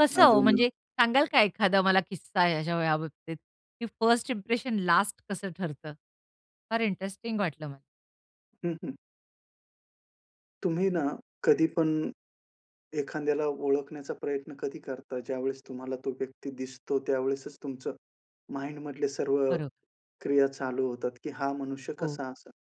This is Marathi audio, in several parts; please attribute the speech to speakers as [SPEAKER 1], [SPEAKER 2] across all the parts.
[SPEAKER 1] कसं हो,
[SPEAKER 2] अजून अ
[SPEAKER 1] म्हणजे सांगाल का एखादा मला किस्सा याचा याबाबतीत की फर्स्ट इंप्रेशन लास्ट कसं ठरतं. फार इंटरेस्टिंग वाटलं मला?
[SPEAKER 2] हं, हं. तुम्ही ना, कधीपण एखाद्याला ओळखण्याचा प्रयत्न कधी करता, ज्यावेळेस तुम्हाला तो व्यक्ती दिसतो. त्यावेळेसचं तुमचं माइंडमधले सर्व
[SPEAKER 1] खरं.
[SPEAKER 2] क्रिया चालू होतात की हा मनुष्य
[SPEAKER 1] हो.
[SPEAKER 2] कसा असेन.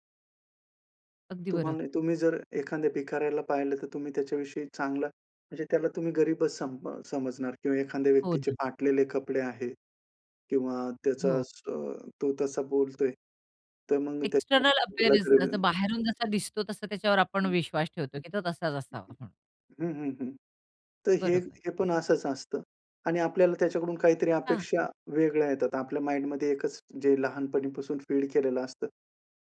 [SPEAKER 1] अगदी बरं.
[SPEAKER 2] तुम्हाला तुम्ही जर एखाद्या भिकाऱ्याला पाहिलं तर तुम्ही त्याच्याविषयी चांगला, म्हणजे त्याला तुम्ही गरीबचं सम समजणार किंवा एखाद्या
[SPEAKER 1] हो
[SPEAKER 2] व्यक्तीचे
[SPEAKER 1] ना.
[SPEAKER 2] फाटलेले कपडे आहेत किंवा
[SPEAKER 1] हो.
[SPEAKER 2] त्याचाच अ, तो तसा बोलतोय, तर मग त्याला
[SPEAKER 1] एक्स्टर्नल अपीयरन्स, जसं
[SPEAKER 2] [unintelligible]
[SPEAKER 1] बाहेरून जसा दिसतो तसा त्याच्यावर आपण
[SPEAKER 2] हं.
[SPEAKER 1] विश्वास ठेवतो की तो तसाच असावा, हं.
[SPEAKER 2] हं, हं, हं. तर हे,
[SPEAKER 1] बरोबर.
[SPEAKER 2] हे पण असंच असतं. आणि आपल्याला त्याच्याकडून काहीतरी
[SPEAKER 1] हां.
[SPEAKER 2] अपेक्षा वेगळ्या येतात. आता आपल्या माइंडमध्ये एकच जे लहानपणीपासून फीड केलेलं असतं.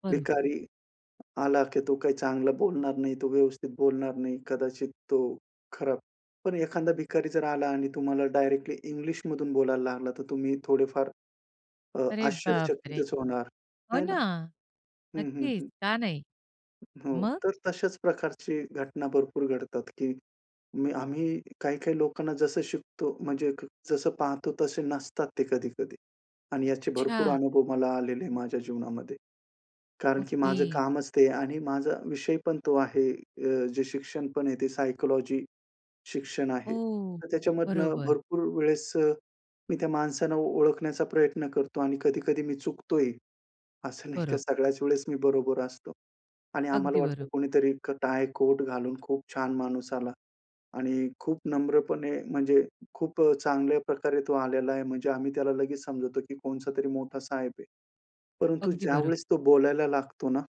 [SPEAKER 1] बरोबर.
[SPEAKER 2] भिकारी आला की तो काही चांगलं बोलणार नाही, तो व्यवस्थित बोलणार नाही, कदाचित तो खराब. पण एखादा भिकारी जर आला आणि तुम्हाला डायरेक्टली इंग्लिशमधून बोलायला लागला, तर तुम्ही थोडेफार अ,
[SPEAKER 1] अरे बापरे!
[SPEAKER 2] आश्चर्यचकितच होणार
[SPEAKER 1] हो
[SPEAKER 2] नाही ना?
[SPEAKER 1] ना,
[SPEAKER 2] हं, हं,
[SPEAKER 1] नक्कीच
[SPEAKER 2] हं.
[SPEAKER 1] का नाही.
[SPEAKER 2] हो.
[SPEAKER 1] मग?
[SPEAKER 2] तर तशाच प्रकारची घटना भरपूर घडतात, की मी आम्ही काही काही लोकांना जसं शिकतो, म्हणजे जसं पाहतो तसे नसतात ते कधी-कधी. आणि याचे भरपूर
[SPEAKER 1] अच्छा.
[SPEAKER 2] अनुभव मला आलेले माझ्या जीवनामध्ये. कारण की माझं
[SPEAKER 1] ओके.
[SPEAKER 2] कामच ते आणि माझा विषयपण तो आहे. अ, जे शिक्षणपण आहे ते सायकॉलॉजी शिक्षण आहे.
[SPEAKER 1] ओह!
[SPEAKER 2] तर त्याच्यामधनं
[SPEAKER 1] बरोबर.
[SPEAKER 2] भरपूर वेळेस अ, मी त्या माणसांना ओळखण्याचा प्रयत्न करतो आणि कधी-कधी मी चुकतो ही. असं नाही का,
[SPEAKER 1] बरं.
[SPEAKER 2] सगळ्याच वेळेस मी बरोबर असतो. आणि आम्हाला
[SPEAKER 1] अगदी बरं.
[SPEAKER 2] वाटतं कुणीतरी एक टाय, कोट घालून खूप छान माणूस आला आणि खूप नम्रपणे म्हणजे खूप अ, चांगल्या प्रकारे तो आलेला आहे म्हणजे आम्ही त्याला लगेच समजतो, की कोणचातरी मोठा साहेब आहे. परंतु
[SPEAKER 1] अगदी बरं.
[SPEAKER 2] ज्यावेळेस तो बोलायला लागतो ना